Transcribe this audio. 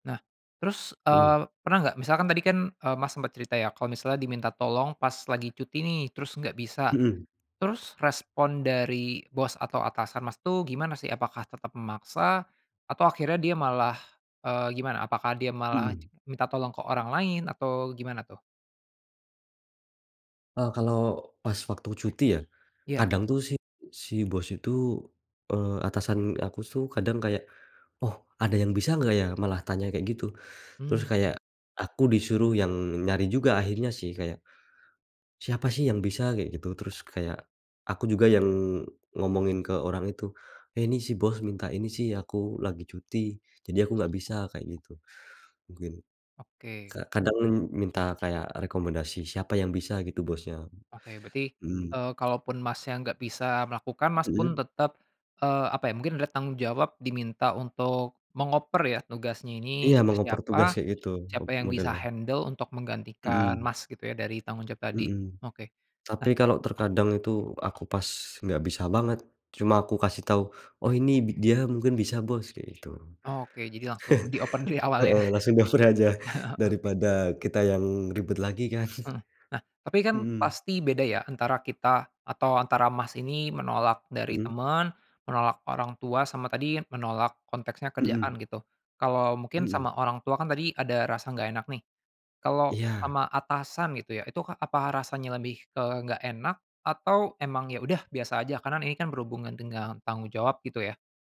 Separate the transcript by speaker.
Speaker 1: Nah, terus, eee,
Speaker 2: Mhm.
Speaker 1: pernah nggak, misalkan tadi kan, eee, Mas sempat cerita ya, kalau misalnya diminta tolong pas lagi cuti nih, terus nggak bisa.
Speaker 2: Mhm.
Speaker 1: Terus, respon dari bos atau atasan Mas tuh, gimana sih? Apakah tetap memaksa, atau akhirnya dia malah, eee, gimana? Apakah dia malah
Speaker 2: Mhm.
Speaker 1: minta tolong ke orang lain? Atau, gimana tuh?
Speaker 2: E kalau, pas waktu cuti, ya,
Speaker 1: Iya.
Speaker 2: kadang tuh si si Bos itu, eee, atasan aku tuh, kadang kayak, "Oh, ada yang bisa enggak ya?" malah tanya kayak gitu. Terus kayak,
Speaker 1: Mhm.
Speaker 2: aku disuruh yang nyari juga akhirnya sih, kayak, "Siapa sih yang bisa?" kayak gitu. Terus kayak, aku juga yang ngomongin ke orang itu, "Eh, ini, si Bos minta ini sih, aku lagi cuti, jadi aku nggak bisa." kayak gitu, mungkin.
Speaker 1: Oke.
Speaker 2: Ka kadang men minta kayak rekomendasi, "Siapa yang bisa?" gitu, bosnya.
Speaker 1: Oke, berarti,
Speaker 2: Mhm.
Speaker 1: eee, kalaupun Masnya nggak bisa melakukan, Mas pun,
Speaker 2: Mhm?
Speaker 1: tetap, eee, apa ya, mungkin ada tanggung jawab diminta untuk mengoper ya, tugasnya ini
Speaker 2: Iya,
Speaker 1: ke
Speaker 2: mau ngoper
Speaker 1: siapa,
Speaker 2: tugasnya gitu, ob
Speaker 1: siapa yang bisa
Speaker 2: modelnya.
Speaker 1: handle untuk menggantikan
Speaker 2: Mhm.
Speaker 1: Mas, gitu ya? Dari tanggung jawab tadi,
Speaker 2: Mhm.
Speaker 1: oke. Nah
Speaker 2: Tapi, kalau, terkadang itu aku pas nggak bisa banget, cuma aku kasih tahu, "Oh ini, bi dia mungkin bisa Bos." kayak gitu.
Speaker 1: Oke, jadi langsung dioper dari awal, ya?
Speaker 2: Heeh, langsung dioper aja,
Speaker 1: Oke.
Speaker 2: daripada kita yang ribet lagi kan.
Speaker 1: Mhm, nah, tapi kan,
Speaker 2: Mhm.
Speaker 1: pasti beda ya, antara kita, atau antara Mas ini menolak dari
Speaker 2: Mmm?
Speaker 1: teman, menolak orang tua, sama tadi, menolak konteksnya
Speaker 2: Mmm.
Speaker 1: kerjaan gitu. Kalau, mungkin
Speaker 2: Mmm.
Speaker 1: sama orang tua kan tadi ada rasa nggak enak nih, kalau
Speaker 2: Iya.
Speaker 1: sama atasan gitu ya, itu ka apa rasanya lebih ke nggak enak, atau emang, ya udah, biasa aja? Karena, ini kan berhubungan dengan tanggung jawab, gitu ya?